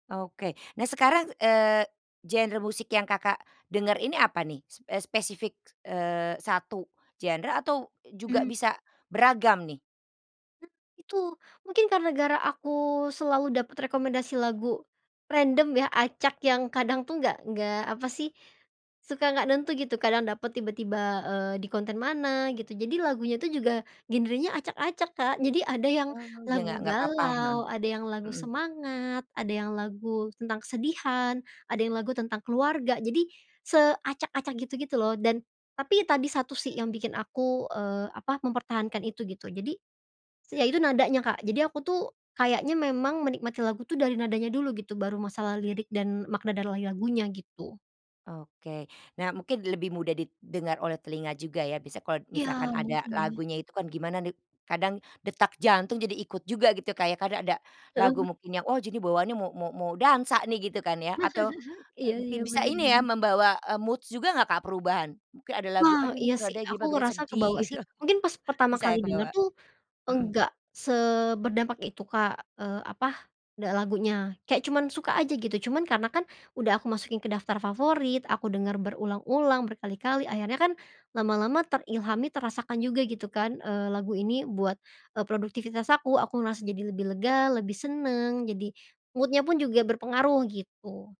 Oke. Nah, sekarang, eee, genre musik yang Kakak dengar ini, apa nih? Spe spesifik, eee, 1 genre atau e juga Mmm. bisa beragam, nih? M itu mungkin gara aku selalu dapat rekomendasi lagu random ya, acak yang kadang tuh, nggak nggak apa sih, suka nggak nentu gitu. Kadang dapat tiba-tiba, eee, di konten mana gitu, jadi lagunya itu juga genrenya acak-acak, Kak. Jadi, ada yang Oh, je lagu ngga nggak papa, heeh. galau, ada yang lagu Mhm. semangat, ada yang lagu tentang kesedihan, ada yang lagu tentang keluarga. Jadi, seacak-acak, gitu gitu loh, dan tapi tadi satu sih, yang bikin aku, eee, apa, mempertahankan itu, gitu. Jadi, yaitu nadanya, Kak. Jadi, aku tuh, kayaknya memang menikmati lagu, tuh, dari nadanya dulu, gitu, baru masalah lirik dan makna dari lagunya, gitu. Oke. Nah, mungkin lebih mudah didengar oleh telinga juga, ya. Bisa kalau Iya, misalkan ada mungkin, ya. lagunya itu kan, gimana nih, kadang detak jantung jadi ikut juga, gitu. Kayak, kan ada lagu Heeh. mungkin yang, wah, jadi bawaannya mau mau mau dansa nih, gitu kan ya, atau e Iya bi iya, bisa bener ini ya, bener. membawa, eee, moods juga nggak, Kak, perubahan. Mungkin ada lagu, Wah, aduh ini iya kok sih. nadanya gimana Aku bikin ngerasa sedih, kebawa sih, mungkin pas pertama bisa ya, kali denger kebawa? tuh, Mhm. enggak seberdampak itu Kak, eee, apa, lagunya, kayak cuman suka aja, gitu. Cuman karena kan, udah aku masukin ke daftar favorit, aku denger berulang-ulang, berkali-kali, akhirnya kan, lama-lama terilhami, terasakan juga gitu kan, eee, lagu ini buat, eee, produktivitas aku, aku ngerasa jadi lebih lega, lebih seneng. Jadi mood-nya pun juga berpengaruh, gitu.